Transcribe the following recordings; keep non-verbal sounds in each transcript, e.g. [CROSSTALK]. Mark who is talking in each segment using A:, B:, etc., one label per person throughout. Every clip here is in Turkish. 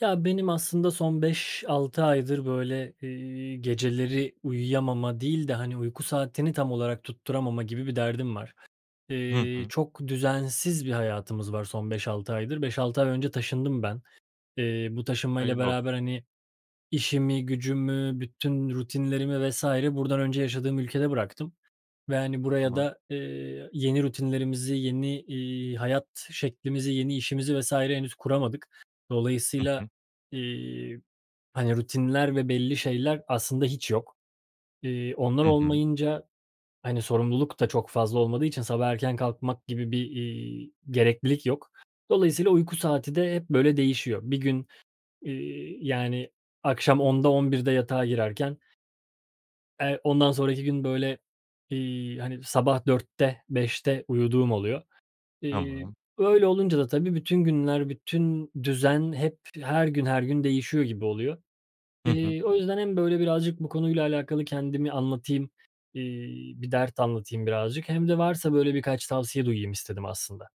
A: Ya, benim aslında son 5-6 aydır, böyle, eee, geceleri uyuyamama değil de, hani, uyku saatini tam olarak tutturamama gibi bir derdim var.
B: Hı
A: Eee,
B: hı.
A: çok düzensiz bir hayatımız var son 5-6 aydır. 5-6 ay önce taşındım ben. Eee, bu taşınmayla
B: Hayırlı olsun.
A: beraber, hani, işimi gücümü, bütün rutinlerimi vs. buradan önce yaşadığım ülkede bıraktım ve, hani, buraya
B: Tamam.
A: da, eee, yeni rutinlerimizi, yeni, iii, hayat şeklimizi, yeni işimizi vs. henüz kuramadık.
B: Hı
A: Dolayısıyla,
B: hı.
A: eee, hani, rutinler ve belli şeyler aslında hiç yok. Eee, onlar
B: Hı hı.
A: olmayınca, hani, sorumluluk da çok fazla olmadığı için sabah erken kalkmak gibi bir, iii, gereklilik yok. Dolayısıyla uyku saati de hep, böyle, değişiyor. Bir gün, eee, yani, akşam 10'da, 11'de de yatağa girerken eee ondan sonraki gün, böyle, iii, hani, sabah 4'te, 5'te uyuduğum oluyor. Eee,
B: Tamam.
A: öyle olunca da tabii, bütün günler, bütün düzen hep her gün her gün değişiyor gibi oluyor.
B: Hı hı.
A: Eee, o yüzden hem, böyle, birazcık bu konuyla alakalı kendimi anlatayım, eee, bir dert anlatayım birazcık hem de varsa, böyle, birkaç tavsiye duyayım istedim aslında.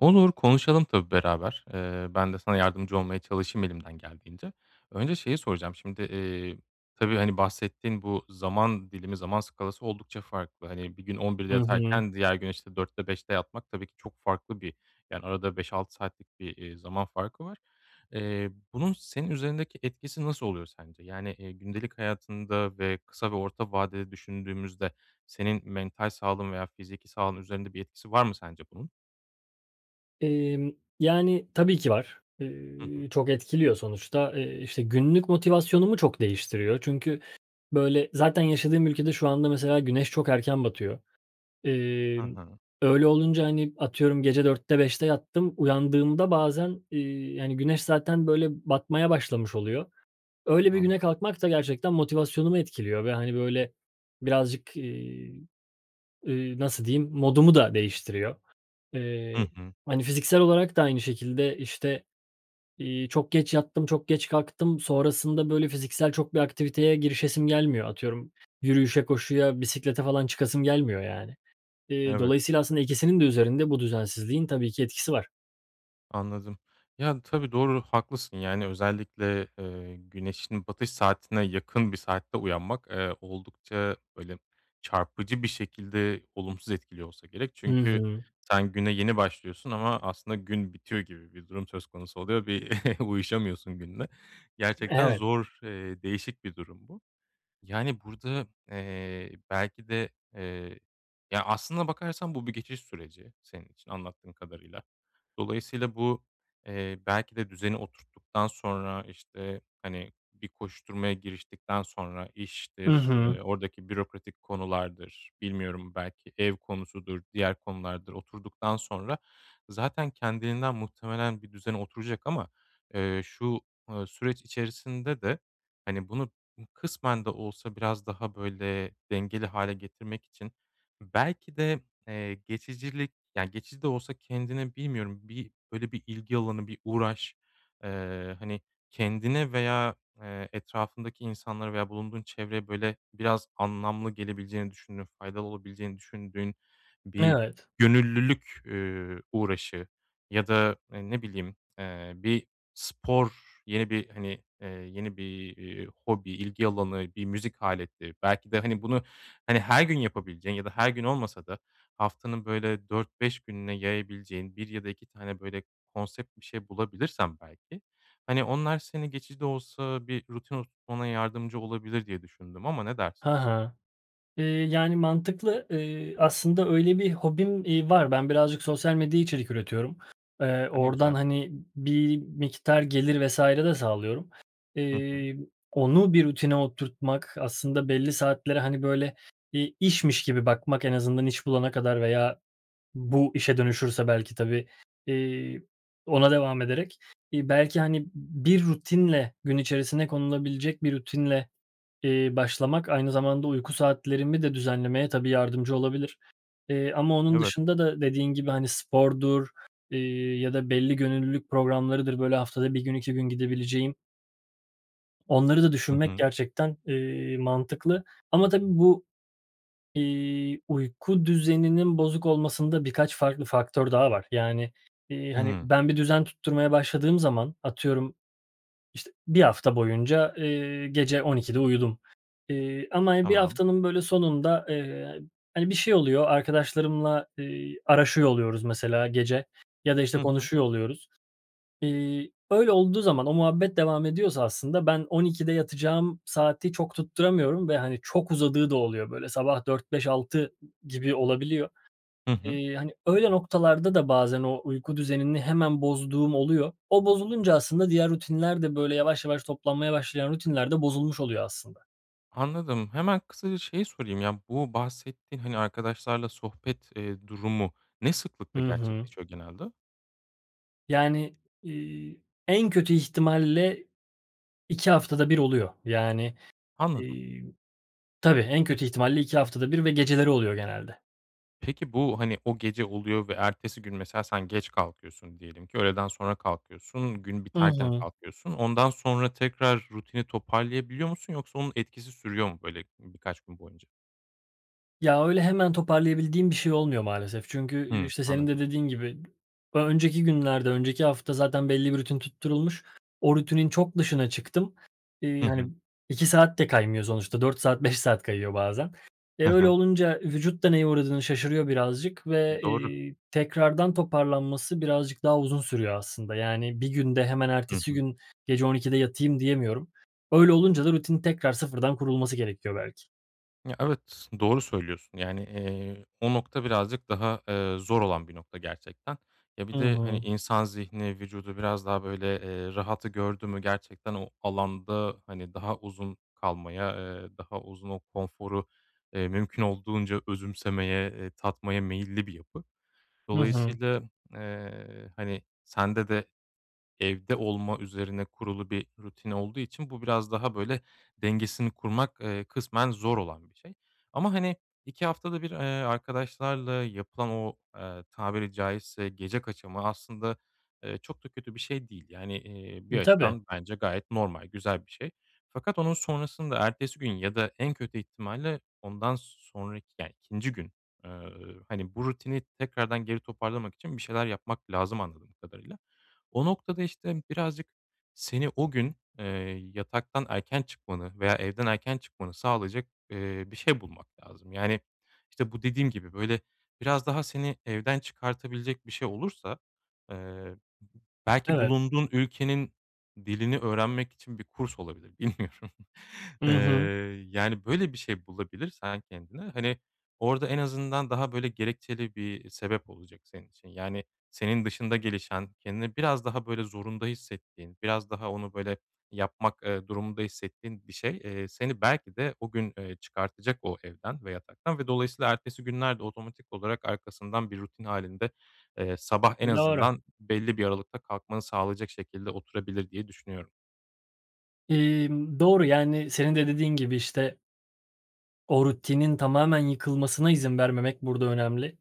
B: Olur, konuşalım tabii beraber. Eee, ben de sana yardımcı olmaya çalışayım elimden geldiğince. Önce şeyi soracağım, şimdi, eee, tabii, hani, bahsettiğin bu zaman dilimi, zaman skalası oldukça farklı. Hani, bir gün 11'de
A: Hı hı.
B: yatarken diğer gün, işte, 4'te 5'te yatmak tabii ki çok farklı bir yani, arada 5-6 saatlik bir, eee, zaman farkı var. Eee, bunun senin üzerindeki etkisi nasıl oluyor sence? Yani, eee, gündelik hayatında ve kısa ve orta vadede düşündüğümüzde senin mental sağlığın veya fiziki sağlığın üzerinde bir etkisi var mı sence bunun?
A: Emm, yani, tabii ki var.
B: Hı hı.
A: Eee, çok etkiliyor sonuçta, eee, işte, günlük motivasyonumu çok değiştiriyor. Çünkü, böyle, zaten yaşadığım ülkede şu anda mesela güneş çok erken batıyor.
B: Ha
A: Emm,
B: ha.
A: öyle olunca, hani, atıyorum gece 4'te 5'te yattım, uyandığımda bazen, iii, yani, güneş zaten, böyle, batmaya başlamış oluyor. Öyle bir
B: Anla
A: güne kalkmak da gerçekten motivasyonumu etkiliyor ve, hani, böyle, birazcık, iii, eee, nasıl diyeyim, modumu da değiştiriyor. Eee,
B: Hı hı.
A: hani, fiziksel olarak da aynı şekilde, işte, iii, çok geç yattım, çok geç kalktım. Sonrasında, böyle, fiziksel çok bir aktiviteye girişesim gelmiyor. Atıyorum yürüyüşe, koşuya, bisiklete falan çıkasım gelmiyor, yani. Eee,
B: Evet.
A: dolayısıyla aslında ikisinin de üzerinde bu düzensizliğin tabii ki etkisi var.
B: Anladım. Yani, tabii, doğru, haklısın. Yani özellikle, eee, güneşin batış saatine yakın bir saatte uyanmak, eee, oldukça, böyle, çarpıcı bir şekilde olumsuz etkiliyor olsa gerek
A: Hı
B: çünkü
A: hı.
B: sen, güne yeni başlıyorsun ama aslında gün bitiyor gibi bir durum söz konusu oluyor. Bir [CHUCKLES] uyuşamıyorsun günle. Gerçekten
A: Evet.
B: zor, eee, değişik bir durum bu. Yani, burada, eee, belki de, eee Ya, aslına bakarsan bu bir geçiş süreci senin için anlattığın kadarıyla. Dolayısıyla bu, eee, belki de düzeni oturttuktan sonra, işte, hani, bir koşuşturmaya giriştikten sonra,
A: Hı
B: iştir,
A: hı.
B: eee, oradaki bürokratik konulardır, bilmiyorum belki ev konusudur, diğer konulardır, oturduktan sonra zaten kendiliğinden muhtemelen bir düzene oturacak ama, eee, şu, ııı, süreç içerisinde de, hani, bunu [UNINTELLIGIBLE] kısmen de olsa biraz daha, böyle, dengeli hâle getirmek için belki de, eee, geçicilik, ya, geçici de olsa kendini bilmiyorum bir böyle bir ilgi alanı, bir uğraş, eee, hani, kendine veya, eee, etrafındaki insanlara veya bulunduğun çevreye böyle biraz anlamlı gelebileceğini düşündüğün, faydalı olabileceğini düşündüğün bir
A: Evet.
B: gönüllülük, üüü, uğraşı ya da e, ne bileyim, eee, bir spor, yeni bir, hani, eee, yeni bir, iii, hobi, ilgi alanı, bir müzik aleti belki de, hani, bunu, hani, her gün yapabileceğin ya da her gün olmasa da haftanın böyle 4-5 gününe yayabileceğin 1 ya da 2 tane böyle konsept bir şey bulabilirsen belki, hani, onlar seni geçici de olsa bir rutin oturtmana yardımcı olabilir diye düşündüm ama ne dersin?
A: Ha ha. Eee, yani mantıklı. Iıı, aslında öyle bir hobim, iii, var. Ben birazcık sosyal medyaya içerik üretiyorum. Eee,
B: A, ne
A: oradan
B: güzel.
A: hani b bir miktar gelir vs. de sağlıyorum.
B: Hı hı.
A: Eee, onu bir rutine oturtmak, aslında belli saatlere, hani, böyle bir işmiş gibi bakmak en azından iş bulana kadar veya bu işe dönüşürse belki tabii, eee, ona devam ederek, eee, belki, hani, b bir rutinle gün içerisine konulabilecek bir rutinle, eee, başlamak aynı zamanda uyku saatlerimi de düzenlemeye tabii yardımcı olabilir, eee, ama onun
B: Evet.
A: dışında da dediğin gibi, hani, spordur, eee, ya da belli gönüllülük programlarıdır, böyle, haftada 1 gün, 2 gün gidebileceğim onları da
B: Hı
A: düşünmek
B: hı.
A: gerçekten, eee, mantıklı ama tabii bu, iii, uyku düzeninin bozuk olmasında birkaç farklı faktör daha var. Yani, eee, hani,
B: Hımm.
A: ben bir düzen tutturmaya başladığım zaman, atıyorum, işte 1 hafta boyunca, eee, gece 12'de uyudum, eee, ama 1
B: Tamam.
A: haftanın, böyle, sonunda, eee, hani, bir şey oluyor, arkadaşlarımla, eee, araşıyor oluyoruz mesela gece ya da, işte,
B: Hı hı.
A: konuşuyor oluyoruz. Eee, öyle olduğu zaman, o muhabbet devam ediyorsa aslında ben 12'de yatacağım saati çok tutturamıyorum ve, hani, çok uzadığı da oluyor böyle, sabah 4, 5, 6 g gibi olabiliyor.
B: Hı hı.
A: Eee, hani, öyle noktalarda da bazen o uyku düzenini hemen bozduğum oluyor. O bozulunca aslında diğer rutinler de böyle yavaş yavaş toplanmaya başlayan rutinler de bozulmuş oluyor aslında.
B: Anladım. Hemen kısaca şeyi sorayım, ya, bu bahsettiğin, hani, arkadaşlarla sohbet, eee, durumu ne
A: Hı
B: sıklıkla
A: hı.
B: gerçekleşiyor genelde?
A: Yani, eee, en kötü ihtimalle 2 haftada 1 oluyor. Yani,
B: Anladım.
A: eee, tabii en
B: [UNINTELLIGIBLE]
A: kötü ihtimalle 2 haftada 1 ve geceleri oluyor genelde.
B: Peki, bu, hani, o gece oluyor ve ertesi gün mesela sen geç kalkıyorsun. Diyelim ki öğleden sonra kalkıyorsun, gün
A: Hı
B: biterken
A: hı.
B: kalkıyorsun. Ondan sonra tekrar rutini toparlayabiliyor musun yoksa onun etkisi sürüyor mu, böyle, ııı, birkaç gün boyunca?
A: Ya, öyle hemen toparlayabildiğim bir şey olmuyor maalesef. Çünkü, eee,
B: Hıı,
A: işte senin de
B: anladım.
A: dediğin gibi [UNINTELLIGIBLE] ö önceki günlerde, önceki hafta zaten belli bir rutin tutturulmuş, o rutinin çok dışına çıktım. Eee,
B: Hı
A: hani,
B: hı.
A: 2 saat de kaymıyor sonuçta 4 saat 5 saat kayıyor bazen. E,
B: Hı
A: öyle
B: hı.
A: olunca vücut da neye uğradığını şaşırıyor birazcık
B: M
A: ve,
B: doğru.
A: eee, tekrardan toparlanması birazcık daha uzun sürüyor aslında, yani, bir günde hemen
B: Hı
A: ertesi
B: hı.
A: gün gece 00.00'da yatayım diyemiyorum. Öyle olunca da rutinin tekrar sıfırdan kurulması gerekiyor belki.
B: Ya, evet doğru söylüyorsun. Yani, eee, o nokta birazcık daha, eee, zor olan bir nokta gerçekten. Ya,
A: Hı
B: bir de, hani,
A: hı.
B: insan zihni vücudu biraz daha böyle, eee, rahatı gördü mü gerçekten o alanda, hani, daha uzun kalmaya, eee, daha uzun o konforu, eee, mümkün olduğunca özümsemeye, eee, tatmaya meyilli bir yapı.
A: Hı hı.
B: Dolayısıyla, eee, hani, sende de evde olma üzerine kurulu bir rutin olduğu için bu biraz daha, böyle, dengesini kurmak, eee, kısmen zor olan bir şey. Ama, hani, 2 haftada 1, eee, arkadaşlarla yapılan o, eee, tabiri caizse gece kaçamağı aslında, eee, çok da kötü bir şey değil. Yani, eee, bir
A: Hı, tabii.
B: açıdan bence gayet normal, güzel bir şey. Fakat onun sonrasında ertesi gün ya da en kötü ihtimalle ondan sonraki yani 2'inci gün, eee, hani, bu rutini tekrardan geri toparlamak için bir şeyler yapmak lazım anladığım kadarıyla. O noktada, işte, birazcık seni o gün, eee, yataktan erken çıkmanı veya evden erken çıkmanı sağlayacak, eee, bir şey bulmak lazım. Yani, işte, bu dediğim gibi böyle biraz daha seni evden çıkartabilecek bir şey olursa, eee, b b belki
A: Evet.
B: bulunduğun ülkenin dilini öğrenmek için bir kurs olabilir. Bilmiyorum. Eee,
A: Hı hı.
B: yani, böyle bir şey bulabilirsen kendine, hani, orada en azından daha, böyle, gerekçeli bir sebep olacak senin için. Yani, senin dışında gelişen kendini biraz daha, böyle, zorunda hissettiğin, biraz daha onu, böyle, yapmak, eee, durumunda hissettiğin bir şey, eee, seni belki de o gün, eee, çıkartacak o evden ve yataktan ve dolayısıyla ertesi günler de otomatik olarak arkasından bir rutin hâlinde, eee, sabah en
A: Doğru.
B: azından belli bir aralıkta kalkmanı sağlayacak şekilde oturabilir diye düşünüyorum.
A: Imm, doğru, yani, senin de dediğin gibi, işte O rutinin tamamen yıkılmasına izin vermemek burada önemli.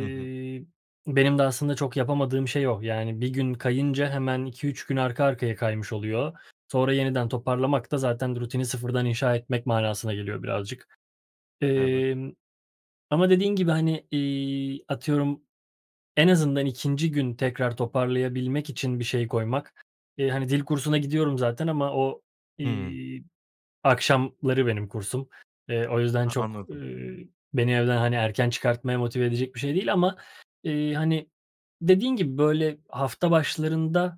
B: Hı hı.
A: benim de aslında çok yapamadığım şey o. Yani, 1 gün kayınca hemen 2-3 gün arka arkaya kaymış oluyor. Sonra yeniden toparlamak da zaten rutini sıfırdan inşa etmek manasına geliyor birazcık.
B: Evet.
A: Emm, ama dediğin gibi, hani, iii, atıyorum en azından 2'nci gün tekrar toparlayabilmek için bir şey koymak. Eee, hani, dil kursuna gidiyorum zaten ama o,
B: Hı.
A: iii, akşamları benim kursum. Eee, o yüzden
B: Ha,
A: çok,
B: anladım.
A: ııı, beni evden, hani, erken çıkartmaya motive edecek bir şey değil ama iii, hani, dediğin gibi, böyle, hafta başlarında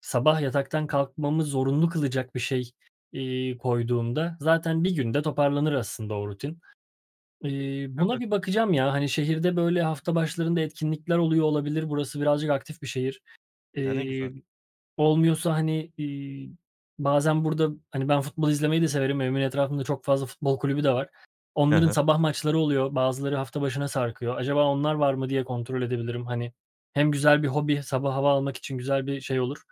A: sabah yataktan kalkmamı zorunlu kılacak bir şey, iii, koyduğunda zaten 1 günde toparlanır aslında o rutin. Eee, buna
B: Evet.
A: bir bakacağım, ya. Hani, şehirde, böyle, hafta başlarında etkinlikler oluyor olabilir. Burası birazcık aktif bir şehir.
B: Ya, ne güzel.
A: Eee, olmuyorsa, hani, iii, bazen burada, hani, ben futbol izlemeyi de severim. Evimin etrafında çok fazla futbol kulübü de var.
B: Hı
A: Onların
B: hı.
A: sabah maçları oluyor, bazıları hafta başına sarkıyor. Acaba onlar var mı, diye kontrol edebilirim, hani. Hem güzel bir hobi, sabah hava almak için güzel bir şey olur,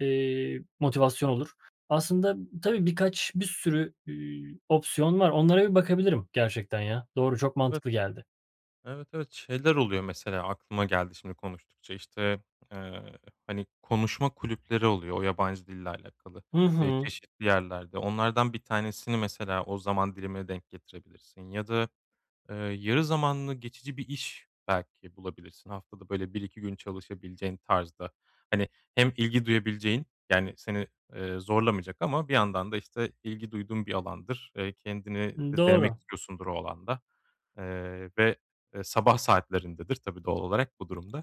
A: eee, motivasyon olur. Aslında tabii, birkaç, bir sürü, ııı, opsiyon var. Onlara bir bakabilirim gerçekten, ya. Doğru, çok mantıklı
B: Evet.
A: geldi.
B: Evet, evet. Şeyler oluyor, mesela aklıma geldi şimdi konuştukça, işte, eee, hani, konuşma kulüpleri oluyor o yabancı dille alakalı,
A: Hı
B: eee,
A: hı.
B: çeşitli yerlerde. Onlardan 1 tanesini mesela o zaman dilimine denk getirebilirsin ya da, ııı, yarı zamanlı geçici bir iş belki bulabilirsin haftada, böyle, 1-2 gün çalışabileceğin tarzda. Hani, hem ilgi duyabileceğin, yani, seni, eee, zorlamayacak ama bir yandan da, işte, ilgi duyduğun bir alandır, eee, kendini
A: Iıı,
B: de denemek
A: doğru.
B: istiyorsundur o alanda, eee, ve, eee, sabah saatlerindedir, tabii doğal olarak bu durumda.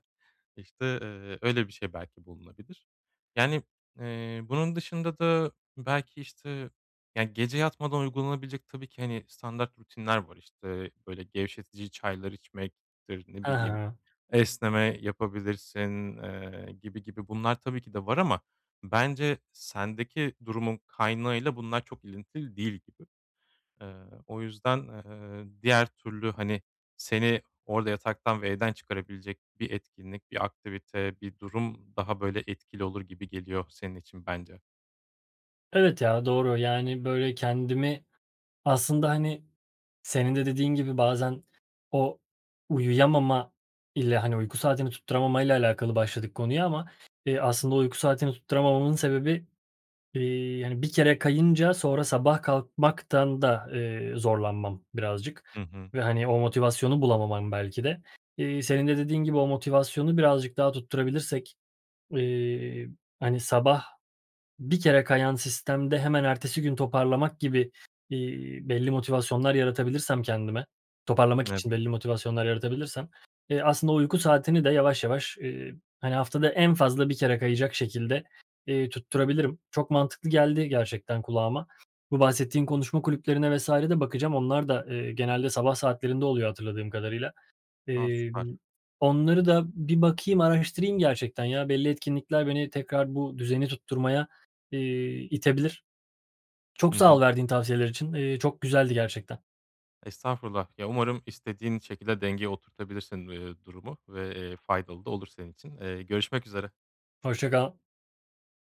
B: İşte, eee, öyle bir şey belki bulunabilir. Yani, eee, bunun dışında da belki, işte, ya, gece yatmadan uygulanabilecek tabii ki, hani, standart rutinler var, işte, böyle, gevşetici çaylar içmektir, ne
A: Hı
B: bileyim,
A: hı.
B: esneme yapabilirsin, eee, gibi gibi bunlar tabii ki de var ama bence sendeki durumun kaynağıyla bunlar çok ilintili değil gibi. Eee, o yüzden, eee, diğer türlü, hani, seni orada yataktan ve evden çıkarabilecek bir etkinlik, bir aktivite, bir durum daha, böyle, etkili olur gibi geliyor senin için, bence.
A: Evet ya, doğru, yani, böyle, kendimi aslında, hani, senin de dediğin gibi bazen o uyuyamama ile, hani, uyku saatini tutturamamayla alakalı başladık konuya ama, iii, aslında uyku saatini tutturamamamın sebebi, iii, hani bir kere kayınca sonra sabah kalkmaktan da, eee, zorlanmam birazcık
B: Hı hı.
A: ve, hani, o motivasyonu bulamamam belki de. İii, senin de dediğin gibi o motivasyonu birazcık daha tutturabilirsek, iii, hani sabah bir kere kayan sistemde hemen ertesi gün toparlamak gibi, iii, belli motivasyonlar yaratabilirsem kendime, toparlamak için
B: [UNINTELLIGIBLE]
A: belli motivasyonlar yaratabilirsem, eee, aslında uyku saatini de yavaş, yavaş, iii, hani haftada en fazla 1 kere kayacak şekilde, iii, tutturabilirim. Çok mantıklı geldi gerçekten kulağıma. Bu bahsettiğin konuşma kulüplerine vs. de bakacağım. Onlar da, eee, genelde sabah saatlerinde oluyor hatırladığım kadarıyla.
B: A, süper.
A: Emm, onları da bir bakayım, araştırayım gerçekten ya. Belli etkinlikler beni tekrar bu düzeni tutturmaya, iii, itebilir. Çok
B: Hı
A: sağ ol
B: hı.
A: verdiğin tavsiyeler için. İii, çok güzeldi gerçekten.
B: Estağfurullah, ya, umarım istediğin şekilde dengeye oturtabilirsin, iii, durumu ve, eee, faydalı da olur senin için. Eee, görüşmek üzere.
A: Hoşça kal.